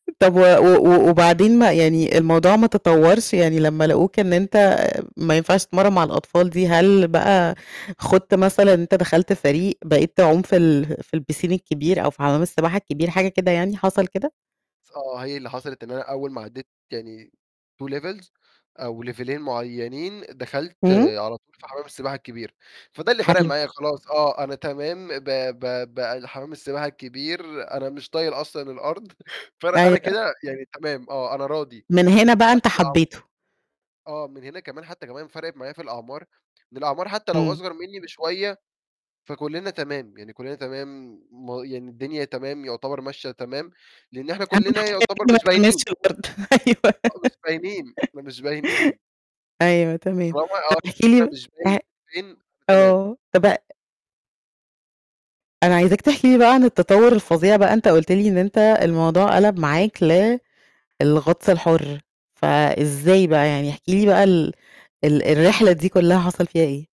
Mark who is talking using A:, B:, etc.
A: طَب و و وبعدين ما يعني الموضوع ما تطورش يعني لمّا لقوك إن أنت ما ينفعش تتمرن مع الأطفال دي، هل بقى خُضت مثلًا أنت دخلت فريق بقيت تعوم في ال في الpiscine الكبير أو في حمَّام السباحة الكبير حاجة كده يعني، حصَل كده؟
B: آه، هي اللي حصلت إن أنا أول ما عدِّيت يعني two levels أو ليفيلين معينين دخَلت
A: إمم.
B: على طول في حمَّام السباحة الكبير، فده اللي فَرّق
A: حلو.
B: معايا خلاص آه أنا تمام ب ب ب حمَّام السباحة الكبير أنا مش طايل أصلًا الأرض ف أنا
A: أيوه.
B: كده يعني تمام آه أنا راضي،.
A: من هنا بقى أنت
B: [unintelligible]
A: حبيته.
B: آه. من هنا كمان حتى كمان فَرَقت معايا في الأعمار، إن الأعمار حتى لو
A: إمم.
B: أصغر مني بشوية فكلنا تمام، يعني كلنا تمام يعني الدنيا تمام يعتبر ماشية تمام، لإن احنا
A: أهم
B: كلنا
A: حاجة
B: يعتبر
A: كده ما
B: مش
A: تلمسش
B: باينين.
A: الأرض أيوه
B: آه مش باينين، مش باينين.
A: أيوه
B: طالما
A: تمام. طَب
B: [unintelligible]
A: احكِ
B: أنا
A: لي
B: مش
A: أ
B: باين، [unintelligible] أنا تمام.
A: آه. طَب ا أنا عايزاك تحكي لي بقى عن التطور الفظيع بقى أنت قُلت لي إن أنت الموضوع قَلَب معاك للغطس الحُر، فإزاي بقى يعني، احكِ لي بقى ال ال الرحلة دي كلها حصَل فيها ايه؟